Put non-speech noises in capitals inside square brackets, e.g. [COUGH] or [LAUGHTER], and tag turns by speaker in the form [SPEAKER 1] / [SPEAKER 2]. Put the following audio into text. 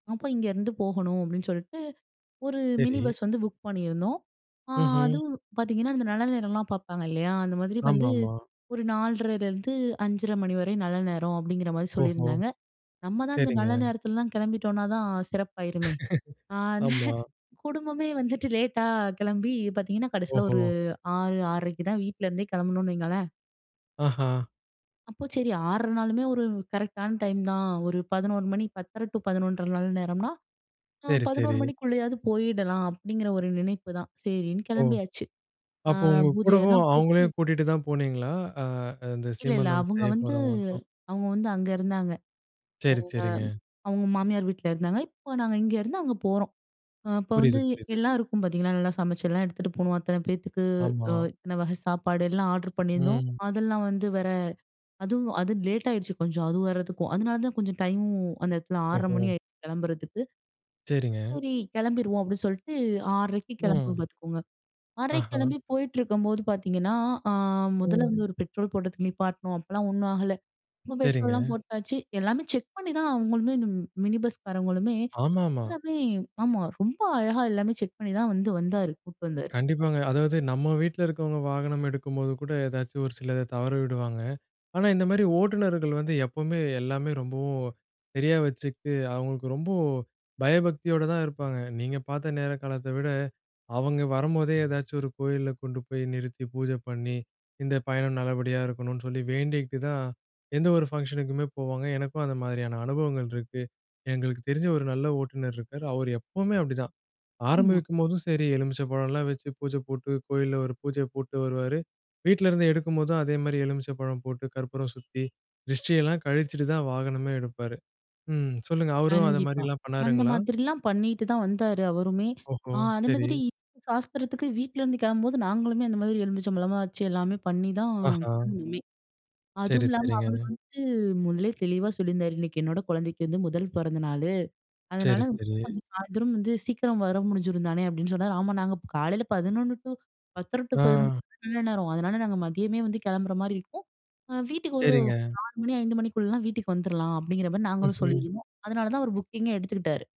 [SPEAKER 1] அப்போ இங்கேருந்து போகணும் அப்டின்னு சொல்லிட்டு, ஒரு மினி
[SPEAKER 2] சரி.
[SPEAKER 1] பஸ் வந்து புக் பண்ணியிருந்தோம். ஆ
[SPEAKER 2] ம்ஹ்ம்.
[SPEAKER 1] அதுவும் பாத்தீங்கன்னா, அந்த நல்ல நேரம்லாம் பாப்பாங்க இல்லையா? அந்த மாதிரி
[SPEAKER 2] ஆமா,
[SPEAKER 1] வந்து
[SPEAKER 2] ஆமா.
[SPEAKER 1] ஒரு 4:30லிருந்து 5:30 மணி வர நல்ல நேரம் அப்டிங்கிற மாரி
[SPEAKER 2] ஓஹோ!
[SPEAKER 1] சொல்லியிருந்தாங்க. நம்ம தான் அந்த
[SPEAKER 2] சரிங்க.
[SPEAKER 1] நல்ல நேரத்துலலாம் கிளம்பிட்டோம்னா தான் சிறப்பாயிருமே. ஆ
[SPEAKER 2] [CHUCKLES] ஆமா.
[SPEAKER 1] குடும்பமே வந்துட்டு லேட்டா கிளம்பி பாத்தீங்கன்னா, கடைசியில ஒரு
[SPEAKER 2] ஓஹோ!
[SPEAKER 1] 6, 6:30க்கு தான் வீட்ல இருந்தே கிளம்புனோன்னு வைங்களேன்.
[SPEAKER 2] ஆஹா.
[SPEAKER 1] அப்போ சரி. 6:30 நாளுமே ஒரு கரெக்டான டைம் தான். ஒரு 11:00 மணி, 10:30 டு 11:30 நல்ல நேரம்னா, ஆ
[SPEAKER 2] சரி,
[SPEAKER 1] 11:00
[SPEAKER 2] சரி.
[SPEAKER 1] மணிக்குள்ளேயாவது போயிடலாம் அப்டிங்கிற ஒரு நினைப்புதான். சரின்னு,
[SPEAKER 2] ஓ!
[SPEAKER 1] கிளம்பியாச்சு. அ
[SPEAKER 2] அப்போ உங்க கூடவும்
[SPEAKER 1] பூஜயெல்லாம்
[SPEAKER 2] அவங்களயும்
[SPEAKER 1] போட்டு
[SPEAKER 2] கூட்டிட்டு தான் போனீங்களா? அ அந்த
[SPEAKER 1] இல்ல, இல்ல.
[SPEAKER 2] சீமந்தம்
[SPEAKER 1] அவங்க
[SPEAKER 2] செய்ய
[SPEAKER 1] வந்து
[SPEAKER 2] போறவங்களுக்கும்.
[SPEAKER 1] அவங்க வந்து அங்க இருந்தாங்க. அவங்க
[SPEAKER 2] சரி, சரிங்க.
[SPEAKER 1] அவங்க மாமியார் வீட்ல இருந்தாங்க, இப்போ நாங்க இங்கே இருந்து அங்க போறோம். அ இப்ப வந்து
[SPEAKER 2] புரிது,
[SPEAKER 1] எ
[SPEAKER 2] புரிது.
[SPEAKER 1] எல்லாம் இருக்கும் பாத்தீங்கன்னா, நல்லா சமைச்சலாம் எடுத்துட்டு போவோம் அத்தன பேத்துக்கு
[SPEAKER 2] ஆமா.
[SPEAKER 1] அ இத்தன வகை சாப்பாடு எல்லாம் ஆர்ட்ர் பண்ணியிருந்தோம்.
[SPEAKER 2] ம்.
[SPEAKER 1] அதெல்லாம் வந்து வர அதுவும். அது லேட் ஆயிடுச்சு கொஞ்சம் அது வரதுக்கும். அதனால தான் கொஞ்சம் டைமும் அந்த இடத்துல 6:30 மணி
[SPEAKER 2] ஓஹோ!
[SPEAKER 1] ஆயிடுச்சு கிளம்புறதுக்கு.
[SPEAKER 2] சரிங்க.
[SPEAKER 1] சரி, கிளம்பிருவோம் அப்டின்னு சொல்லிட்டு 6:30க்கு கிளம்புவோம்
[SPEAKER 2] ம்.
[SPEAKER 1] பாத்துக்கோங்க 6:30க்கு
[SPEAKER 2] ஆஹா.
[SPEAKER 1] கிளம்பி போயிட்டிருக்கும்போது பாத்தீங்கன்னா, ஆ முதல்ல
[SPEAKER 2] ம்.
[SPEAKER 1] வந்து ஒரு பெட்ரோல் போடுறதுக்கு நிப்பாட்டினோம். அப்போலாம் ஒண்ணும் ஆகல. அப்பறம் பெட்ரோலலாம்
[SPEAKER 2] சரிங்க.
[SPEAKER 1] போட்டாச்சு எல்லாமே செக் பண்ணிதான் அவங்களுமே மினி பஸ்காரவங்களுமே
[SPEAKER 2] ஆமாமா.
[SPEAKER 1] எல்லாமே ஆமா ரொம்ப அழகா எல்லாமே செக் பண்ணி தான் வந்து வந்தாரு கூட்டு வந்தாரு.
[SPEAKER 2] கண்டிப்பாங்க. அதாவது, நம்ம வீட்ல இருக்கிறவங்க வாகனம் எடுக்கும்போது கூட எதாச்சும் ஒரு சிலத தவற விடுவாங்க. ஆனா, இந்த மாரி ஓட்டுநர்கள் வந்து எப்போவுமே எல்லாமே ரொம்பவும் சரியா வச்சுக்கிட்டு, அவங்களுக்கு ரொம்பொ பயபக்தியோட தான் இருப்பாங்க. நீங்க பாத்த நேர காலத்த விட, அவங்க வரும்போதே எதாச்சும் ஒரு கோயில்ல கொண்டு போய் நிறுத்தி பூஜை பண்ணி, இந்த பயணம் நல்லபடியா இருக்கணும்னு சொல்லி வேண்டிக்கிட்டு, தான் எந்த ஒரு ஃபங்ஷன்னுக்குமே போவாங்க. எனக்கும் அந்த மாதிரியான அனுபவங்கள் இருக்கு. எங்களுக்கு தெரிஞ்ச ஒரு நல்ல ஓட்டுநர் இருக்காரு. அவரு எப்பவுமே அப்டிதான்.
[SPEAKER 1] ஆமா.
[SPEAKER 2] ஆரம்பிக்கும்போதும் சரி, எலுமிச்சை பழம்லாம் வச்சு பூஜ போட்டு, கோயில்ல ஒரு பூஜய போட்டு வருவாரு. வீட்லருந்து எடுக்கும்போதும் அதேமாரி எலுமிச்ச பழம் போட்டு, கற்பூரம் சுத்தி, திரிஷ்டியெல்லாம் கழிச்சிட்டு தான் வாகனமே எடுப்பாரு. ம், சொல்லுங்க. அவரும்
[SPEAKER 1] கண்டிப்பா.
[SPEAKER 2] அந்தமாதிரிலாம்
[SPEAKER 1] அந்த
[SPEAKER 2] பண்ணாருங்களா?
[SPEAKER 1] மாதிரிலாம் பண்ணிட்டு தான் வந்தாரு அவருமே.
[SPEAKER 2] ஓஹோ!
[SPEAKER 1] ஆ, அத
[SPEAKER 2] சரி.
[SPEAKER 1] மாதிரி சாஸ்திரத்துக்கு வீட்லேருந்து கிளம்பும்போது, நாங்களுமே அந்த மாதிரி எலுமிச்ச பழமலாம் வச்சி, எல்லாமே பண்ணிதான்
[SPEAKER 2] ஆஹா.
[SPEAKER 1] கிளம்புனோமே.
[SPEAKER 2] சரி,
[SPEAKER 1] அதுவும் இல்லாம, அவரு
[SPEAKER 2] சரிங்க.
[SPEAKER 1] வந்து முதலே தெளிவா சொல்லியிருந்தாரு, இன்னைக்கு என்னோட குழந்தைக்கு வந்து முதல் பொறந்த நாளு. அதனால
[SPEAKER 2] சரி, சரி.
[SPEAKER 1] கொஞ்சம் சாயந்தரம் வந்து சீக்கிரம் வர முடிஞ்சிரும் தானே அப்டின்னு சொன்னாரு. ஆமா. நாங்க காலையில 11:00-10:30-11:00
[SPEAKER 2] அ.
[SPEAKER 1] நல்ல நேரம். அதனால், நாங்க மதியமே வந்து கிளம்புற மாரி இருக்கும். அ வீட்டுக்கு ஒரு
[SPEAKER 2] சரிங்க.
[SPEAKER 1] 4:00 மணி, 5:00 மணிக்குள்ளலாம் வீட்டுக்கு வந்துரலாம் அப்டிங்கிற மாரி நாங்களும்
[SPEAKER 2] ம்ஹ்ம்.
[SPEAKER 1] சொல்லியிருந்தோம். அதனால தான் அவரு புக்கிங்கே எடுத்துக்கிட்டாரு.